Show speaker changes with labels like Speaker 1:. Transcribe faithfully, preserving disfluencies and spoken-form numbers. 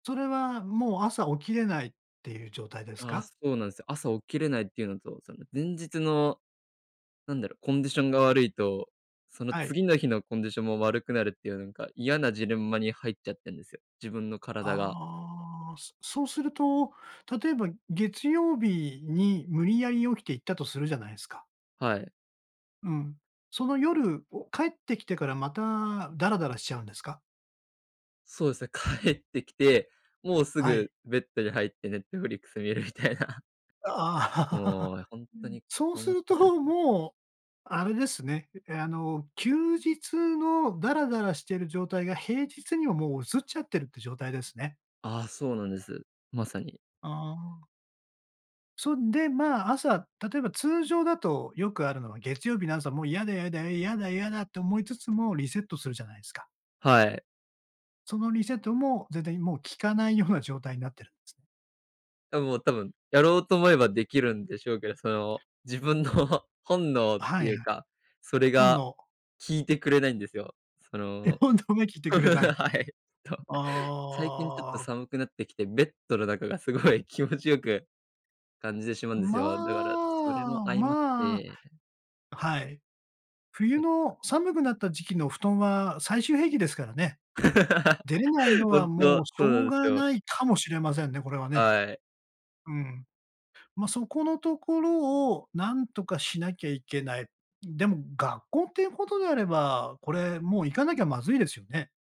Speaker 1: それはもう朝起きれないっていう状態で
Speaker 2: う
Speaker 1: す
Speaker 2: ん、ああ、
Speaker 1: か？
Speaker 2: そうなんすよ。朝起きれないっていうのと、その前日のなんだろう、コンディションが悪いと、その
Speaker 1: はい。
Speaker 2: 次の日のコンディションも悪くなるっていうなんか、嫌なジレンマに入っちゃってんですよ、自分の体が。
Speaker 1: ああ、すそうすると、例えば月曜日に無理やり起きて行ったとするじゃないすか
Speaker 2: はい。
Speaker 1: うん。その夜、お帰ってきてからまたダラダラしちゃうんですか？
Speaker 2: そうですね、帰ってきて、もうす
Speaker 1: はい。
Speaker 2: ぐベッドに入って Netflix 見るみたいな。
Speaker 1: あ
Speaker 2: も
Speaker 1: あ。
Speaker 2: うほん
Speaker 1: う
Speaker 2: と
Speaker 1: ん、
Speaker 2: に
Speaker 1: そうす
Speaker 2: 困っ
Speaker 1: る
Speaker 2: たんで
Speaker 1: と
Speaker 2: うん。
Speaker 1: もうあれですね。え、あの、休日のダラダラしている状態が、平日にはもう移っちゃってるっていう状態ですね？
Speaker 2: ああ、そうなんです。まさに。
Speaker 1: ああ。そんで、ま、朝、例えば通常だとよくあるのは、月曜日の朝はもう嫌だ嫌だ嫌だ嫌だって思いつつも、リセットするじゃないすか。
Speaker 2: はい。
Speaker 1: そのリセットもぜぜいもう効かないような状態になってるんすね？
Speaker 2: あ、もう多分、やろうと思えばできるんでしょうけど、その自分の本能って
Speaker 1: はい。
Speaker 2: いうか、それ
Speaker 1: 本
Speaker 2: が
Speaker 1: 能。
Speaker 2: 聞いてくれないんですよ。そ
Speaker 1: え、
Speaker 2: の
Speaker 1: 本能は聞いてくれない、
Speaker 2: はい。と、最近ちょっと
Speaker 1: ああ。
Speaker 2: 寒くなってきて、ベッドの中がすごい気持ちよく感じてしまうんです
Speaker 1: ま
Speaker 2: よ。だから、それも
Speaker 1: あ
Speaker 2: 相まっ
Speaker 1: まあ、
Speaker 2: て。
Speaker 1: はい。冬
Speaker 2: うん。
Speaker 1: の寒くなった時期の布団は最終兵器ですからね。出れないの は
Speaker 2: 本
Speaker 1: も
Speaker 2: 当、
Speaker 1: うしょ
Speaker 2: そうな
Speaker 1: う
Speaker 2: んです
Speaker 1: が
Speaker 2: よ。
Speaker 1: ないかもしれませんね、これはね。
Speaker 2: はい。
Speaker 1: うん。ま、そこのところを何とかしなきゃいけない。でも学校っていうことであれば、これもう行かなきゃまずいですよね？